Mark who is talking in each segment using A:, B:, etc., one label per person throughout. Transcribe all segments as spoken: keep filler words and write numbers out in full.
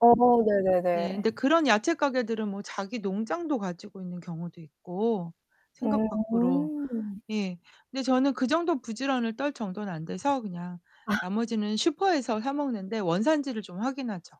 A: 어
B: 네,
A: 네네네.
B: 근데 그런 야채 가게들은 뭐 자기 농장도 가지고 있는 경우도 있고, 생각 밖으로.
A: 음.
B: 예. 근데 저는 그 정도 부지런을 떨 정도는 안 돼서 그냥
A: 아.
B: 나머지는 슈퍼에서 사 먹는데, 원산지를 좀 확인하죠.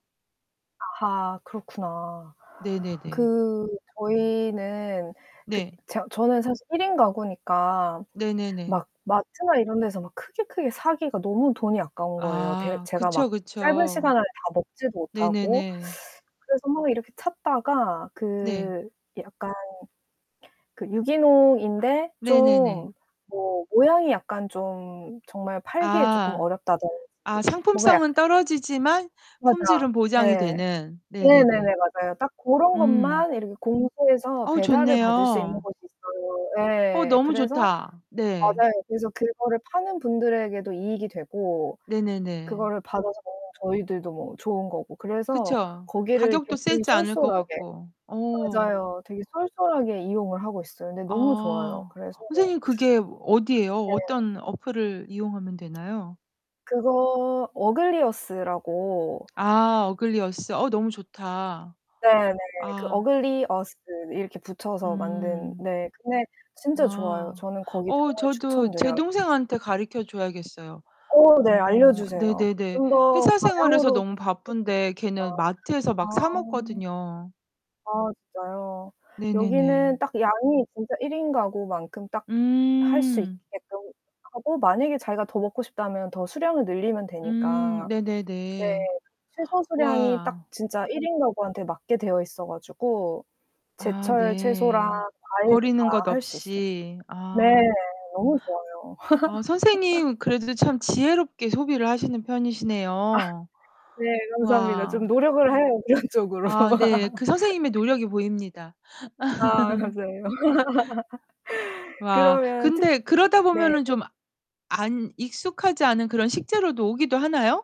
A: 아하 그렇구나.
B: 네네네.
A: 그 저희는 그
B: 네.
A: 저 저는 사실 일인 가구니까
B: 네네네.
A: 막 마트나 이런데서 막 크게 크게 사기가 너무 돈이 아까운 거예요. 대
B: 아,
A: 제가
B: 그쵸,
A: 막 짧은
B: 그쵸.
A: 시간 안에 다 먹지도 못하고
B: 네네네.
A: 그래서 막 이렇게 찾다가
B: 네.
A: 그 약간 그 유기농인데
B: 네네네.
A: 좀 뭐 모양이 약간 좀 정말 팔기에 조금
B: 아.
A: 어렵다든지
B: 아
A: 뭔가
B: 상품성은
A: 약간
B: 떨어지지만
A: 맞아.
B: 품질은 보장이
A: 네.
B: 되는.
A: 네,
B: 네네네.
A: 네네, 맞아요. 딱 고런
B: 음.
A: 것만 이렇게 공포해서
B: 어우
A: 배달을 받을 수 있는
B: 좋네요.
A: 곳이 있어요.
B: 어
A: 예예예예.
B: 너무
A: 그래서
B: 좋다. 네.
A: 맞아요. 그래서 그거를 파는 분들에게도 이익이 되고
B: 네네네.
A: 그거를 받아서 먹는 저희들도 뭐 좋은 거고 그래서
B: 그쵸.
A: 거기를
B: 가격도
A: 굉장히
B: 세지 않을 것
A: 쏠쏠하게
B: 같고. 어.
A: 맞아요. 되게 쏠쏠하게 이용을 하고 있어요. 근데 너무 좋아요.
B: 아
A: 그래서
B: 선생님 그게 어디예요?
A: 네.
B: 어떤 어플을 이용하면 되나요?
A: 그거 어글리어스라고.
B: 아 어글리어스. 어 너무 좋다.
A: 네, 네, 그
B: 아.
A: 어글리어스 이렇게 붙여서 만든
B: 음.
A: 네 근데 진짜 좋아요.
B: 아.
A: 저는 거기
B: 어
A: 정말
B: 저도 제
A: 추천드려요.
B: 동생한테 가르쳐 줘야겠어요.
A: 어 네.
B: 어
A: 알려주세요.
B: 네네네.
A: 좀 더
B: 회사 생활에서
A: 다량으로
B: 너무 바쁜데 걔는
A: [unintelligible]
B: 마트에서 막
A: 아
B: 사먹거든요.
A: 아 진짜요.
B: 네네네.
A: 여기는 딱 양이 진짜 일인 가구만큼 딱 할 수
B: 음.
A: 있게끔 하고 만약에 자기가 더 먹고 싶다면 더 수량을 늘리면
B: 음
A: 되니까. 네,
B: 네네네.
A: 최소 수량이 딱
B: 와.
A: 진짜 일인가구한테 맞게 되어있어가지고
B: 아
A: 제철 채소랑
B: 네.
A: 과일도
B: 버리는
A: 다
B: 것
A: 할 수 있어요.
B: 없이.
A: 네,
B: 아.
A: 너무 좋아요.
B: 아 선생님 그래도 참 지혜롭게 소비를 하시는
A: 아
B: 편이시네요.
A: 네, 감사합니다. 좀
B: 와.
A: 노력을 해요. 그런 쪽으로.
B: 아, 네. 그 선생님의 노력이 보입니다.
A: 아, 감사해요.
B: 와,
A: 그러면 특히
B: 근데 그러다
A: 네.
B: 보면은 좀 안 익숙하지 않은 그런 식재료도 오기도 하나요?